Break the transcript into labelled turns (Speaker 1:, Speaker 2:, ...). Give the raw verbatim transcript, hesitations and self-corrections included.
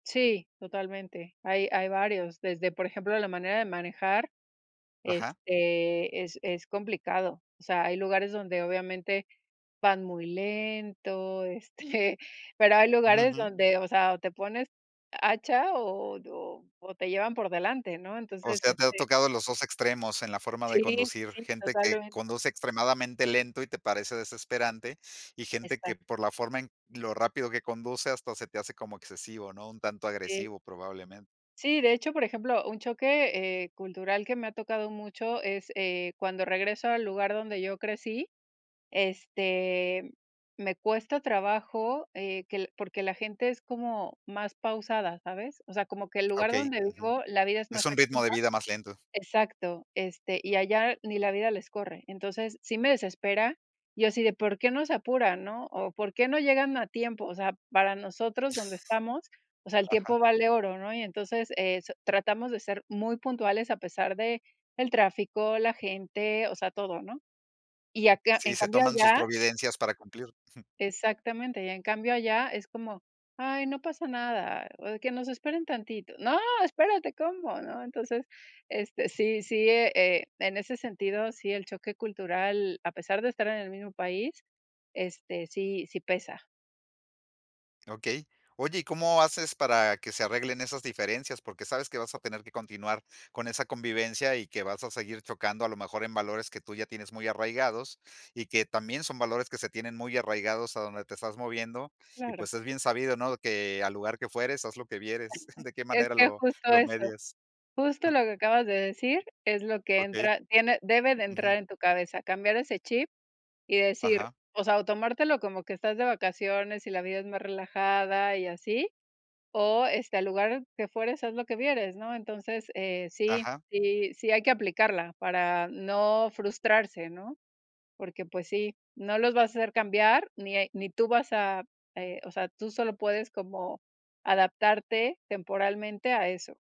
Speaker 1: Sí, totalmente. Hay, hay varios, desde, por ejemplo, la manera de manejar,
Speaker 2: Ajá.
Speaker 1: este, es es complicado. O sea, hay lugares donde, obviamente, van muy lento, este, pero hay
Speaker 2: Ujú,
Speaker 1: lugares
Speaker 2: ujú.
Speaker 1: donde, o sea, o te pones hacha o o o o te llevan por delante, ¿no?
Speaker 2: O
Speaker 1: Entonces,
Speaker 2: sea, te ha
Speaker 1: este
Speaker 2: tocado los dos extremos en la forma de
Speaker 1: Sí,
Speaker 2: conducir,
Speaker 1: sí,
Speaker 2: gente que
Speaker 1: totalmente.
Speaker 2: conduce extremadamente lento y te parece desesperante y gente
Speaker 1: Exacto.
Speaker 2: que, por la forma en lo rápido que conduce, hasta se te hace como excesivo, ¿no? Un tanto
Speaker 1: Sí.
Speaker 2: agresivo, probablemente.
Speaker 1: Sí, de hecho, por ejemplo, un choque, eh, cultural que me ha tocado mucho es, eh, cuando regreso al lugar donde yo crecí, este, me cuesta trabajo, eh, que porque la gente es como más pausada, ¿sabes? O sea, como que el lugar
Speaker 2: Okey,
Speaker 1: donde
Speaker 2: ujú.
Speaker 1: vivo, la vida es
Speaker 2: Es
Speaker 1: más
Speaker 2: un ritmo
Speaker 1: activa.
Speaker 2: de vida más lento.
Speaker 1: Exacto, este, y allá ni la vida les corre. Entonces, sí me desespera, y yo así de: "¿Por qué no se apuran?", ¿no?, o, "¿Por qué no llegan a tiempo? O sea, para nosotros donde estamos, o sea, el
Speaker 2: Ajá.
Speaker 1: tiempo vale oro, ¿no? Y entonces, eh, so tratamos de ser muy puntuales a pesar de el tráfico, la gente, o sea, todo, ¿no? Y acá
Speaker 2: Sí,
Speaker 1: en
Speaker 2: se
Speaker 1: cambio
Speaker 2: toman sus
Speaker 1: allá
Speaker 2: providencias para cumplir, jum.
Speaker 1: Exactamente, y en cambio allá es como: "Ay, no pasa nada, o de, que nos esperen tantito". No, espérate, ¿cómo? ¿No? Entonces, este, sí sí, eh, e en ese sentido, sí el choque cultural, a pesar de estar en el mismo país, este, sí sí pesa.
Speaker 2: Okey. Oye, ¿y cómo haces para que se arreglen esas diferencias? Porque sabes que vas a tener que continuar con esa convivencia y que vas a seguir chocando, a lo mejor, en valores que tú ya tienes muy arraigados y que también son valores que se tienen muy arraigados a donde te estás moviendo y,
Speaker 1: Claro.
Speaker 2: pues, es bien sabido, ¿no?, que, al lugar que fueres, haz lo que vieres, ¿de qué
Speaker 1: Es
Speaker 2: manera
Speaker 1: que
Speaker 2: lo
Speaker 1: justo
Speaker 2: lo
Speaker 1: eso.
Speaker 2: medias?
Speaker 1: Justo lo que acabas de decir es lo que
Speaker 2: Okey.
Speaker 1: entra tiene debe de
Speaker 2: Ujú.
Speaker 1: entrar en tu cabeza, cambiar ese chip y decir
Speaker 2: Ajá.
Speaker 1: o sea, o tomártelo como que estás de vacaciones y la vida es más relajada y así, o, este, "Al lugar que fueres, haz lo que vieres", ¿no? Entonces, eh, sí
Speaker 2: Ajá.
Speaker 1: sí sí hay que aplicarla para no frustrarse, ¿no? Porque, pues sí, no los vas a hacer cambiar ni e ni tú vas a eh, o sea, tú solo puedes como adaptarte temporalmente a eso.